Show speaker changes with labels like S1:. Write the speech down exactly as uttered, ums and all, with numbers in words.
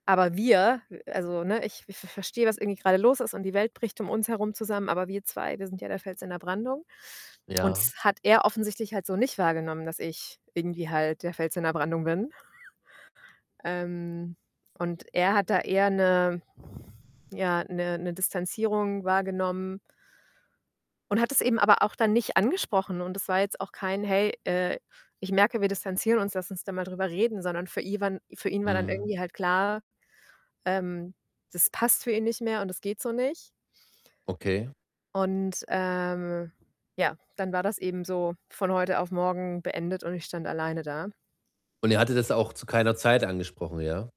S1: Aber wir, äh, also ne, ich ich ver verstehe, was irgendwie grade los ist und die Welt bricht um uns herum zusammen, aber wir zwei, wir sind ja der Fels in der Brandung und
S2: Ja.
S1: das hat er offensichtlich halt so nicht wahrgenommen, dass ich irgendwie halt der Fels in der Brandung bin. Ähm, und er hat da eher 'ne ja, 'ne 'ne Distanzierung wahrgenommen und hat es eben aber auch dann nicht angesprochen und das war jetzt auch kein: „Hey, äh, ich merke, wir distanzieren uns, lass uns da mal drüber reden.“, sondern für iwan für ihn war dann
S2: Mhm.
S1: irgendwie halt klar, ähm, das passt für ihn nicht mehr und das geht so nicht.
S2: Okay.
S1: Und, ähm, ja, dann war das eben so von heute auf morgen beendet und ich stand alleine da.
S2: Und er hatte das auch zu keiner Zeit angesprochen, ja?